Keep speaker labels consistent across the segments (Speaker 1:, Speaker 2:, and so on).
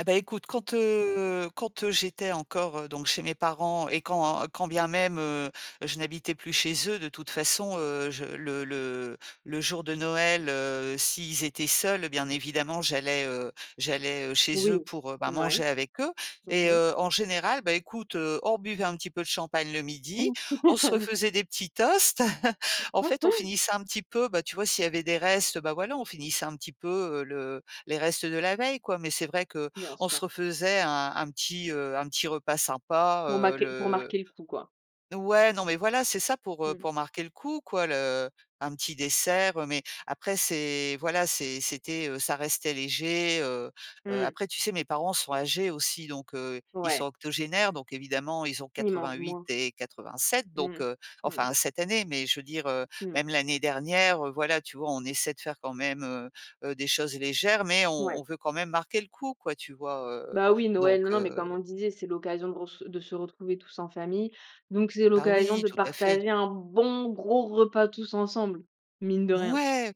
Speaker 1: Ah bah, écoute, quand, heu, quand, heu, j'étais encore donc chez mes parents et quand et quand bien même, heu, je n'habitais plus chez eux, de toute façon, heu, je le le le jour de Noël, heu, s'ils étaient seuls, bien évidemment, j'allais, heu, j'allais, heu, chez eux,
Speaker 2: Oui,
Speaker 1: pour, ben
Speaker 2: ouais.
Speaker 1: manger avec eux
Speaker 2: Mmh
Speaker 1: et
Speaker 2: mh.
Speaker 1: heu, en général, bah écoute, heu, on buvait un petit peu de champagne le midi, on se refaisait des petits toasts. En fait, on finissait un petit peu bah, tu vois, s'il y avait des restes, bah, voilà, on finissait un petit peu, heu, le les restes de la veille, quoi. Mais c'est vrai
Speaker 2: Bien
Speaker 1: qu'on se
Speaker 2: sûr.
Speaker 1: refaisait un un petit, heu, un petit repas sympa,
Speaker 2: Pour
Speaker 1: heu,
Speaker 2: marquer pour
Speaker 1: le
Speaker 2: marquer le coup, quoi?
Speaker 1: ouais, non, mais voilà, c'est ça pour, heu,
Speaker 2: Mmh mh.
Speaker 1: pour marquer le coup, quoi, le un petit dessert. Mais après, c'est voilà, c'est c'était, heu, ça restait léger, heu heu,
Speaker 2: Mmh.
Speaker 1: après, tu sais, mes parents sont âgés aussi, donc, heu, ils sont
Speaker 2: Ouais.
Speaker 1: octogénaires. Donc évidemment, ils ont
Speaker 2: Ils mangent
Speaker 1: 88
Speaker 2: moins.
Speaker 1: et 87, donc,
Speaker 2: Mmh.
Speaker 1: heu,
Speaker 2: Mmh.
Speaker 1: enfin, cette année, mais je veux dire, heu,
Speaker 2: Mmh.
Speaker 1: même l'année dernière, heu, voilà, tu vois, on essaie de faire quand même, heu heu, des choses légères, mais on on
Speaker 2: Ouais.
Speaker 1: veut quand même marquer le coup, quoi, tu vois? Heu,
Speaker 2: Bah oui, Noël,
Speaker 1: donc,
Speaker 2: non, non, mais
Speaker 1: heu
Speaker 2: comme on le disait, c'est l'occasion gross de se retrouver tous en famille. Donc c'est
Speaker 1: Bah
Speaker 2: l'occasion
Speaker 1: oui,
Speaker 2: de
Speaker 1: tout à fait.
Speaker 2: partager un bon gros repas tous ensemble, mine de rien.
Speaker 1: Ouais,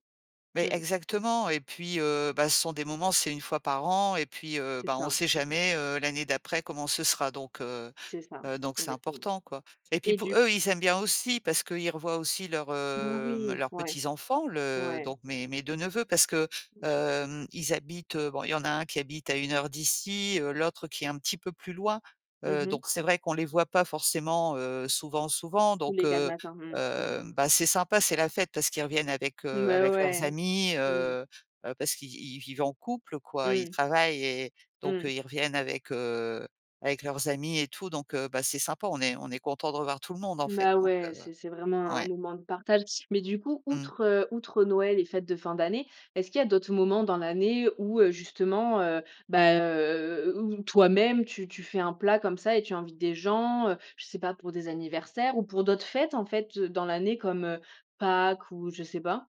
Speaker 1: mais
Speaker 2: Mmh.
Speaker 1: exactement et puis, heu, bah, ce sont des moments, c'est 1 fois par an et puis, heu,
Speaker 2: C'est
Speaker 1: ben on
Speaker 2: ça.
Speaker 1: sait
Speaker 2: Mmh mh.
Speaker 1: jamais, heu, l'année d'après comment ce sera donc, heu
Speaker 2: C'est ça,
Speaker 1: heu, donc c'est
Speaker 2: exactement
Speaker 1: important, quoi et puis
Speaker 2: et
Speaker 1: pou
Speaker 2: du
Speaker 1: eux, ils aiment bien aussi parce qu'ils revoient aussi leurs,
Speaker 2: Alors
Speaker 1: hem,
Speaker 2: oui,
Speaker 1: leurs
Speaker 2: ouais,
Speaker 1: petits-enfants, le
Speaker 2: ouais.
Speaker 1: donc mes mes 2 neveux, parce que,
Speaker 2: Bien sûr.
Speaker 1: hem, ils habitent, heu, bon, il y en a un qui habite à 1 heure d'ici, heu, l'autre, qui est un petit peu plus loin,
Speaker 2: Mmh
Speaker 1: heu,
Speaker 2: mh.
Speaker 1: donc c'est vrai qu'on les voit pas forcément, heu, souvent, souvent.
Speaker 2: «Tous
Speaker 1: Donc,
Speaker 2: les quatre
Speaker 1: heu,
Speaker 2: matins», mmh mh.
Speaker 1: hem, bah c'est sympa, c'est la fête parce qu'ils reviennent avec, heu,
Speaker 2: Mais
Speaker 1: avec leurs
Speaker 2: ouais,
Speaker 1: amis,
Speaker 2: oui.
Speaker 1: heu heu, bah parce qu'ils ils y vivent en couple, quoi, ils
Speaker 2: Mmh.
Speaker 1: travaillent et donc
Speaker 2: Mmh.
Speaker 1: ils reviennent avec, heu, avec leurs amis et tout. Donc, heu, bah c'est sympa, on est on est content de revoir tout le monde, en fait,
Speaker 2: Bah
Speaker 1: donc,
Speaker 2: ouais,
Speaker 1: heu
Speaker 2: c'est c'est vraiment un
Speaker 1: ouais.
Speaker 2: moment de partage. Mais du coup,
Speaker 1: Mmh.
Speaker 2: outre, heu, outre Noël et fêtes de fin d'année, est-ce qu'il y a d'autres moments dans l'année, où, heu, justement, heu, bah, heu, où où toi-même tu tu fais un plat comme ça et tu invites des gens, heu, je sais pas pour des anniversaires ou pour d'autres fêtes, en fait, heu, dans l'année comme, heu, Pâques ou, je sais pas?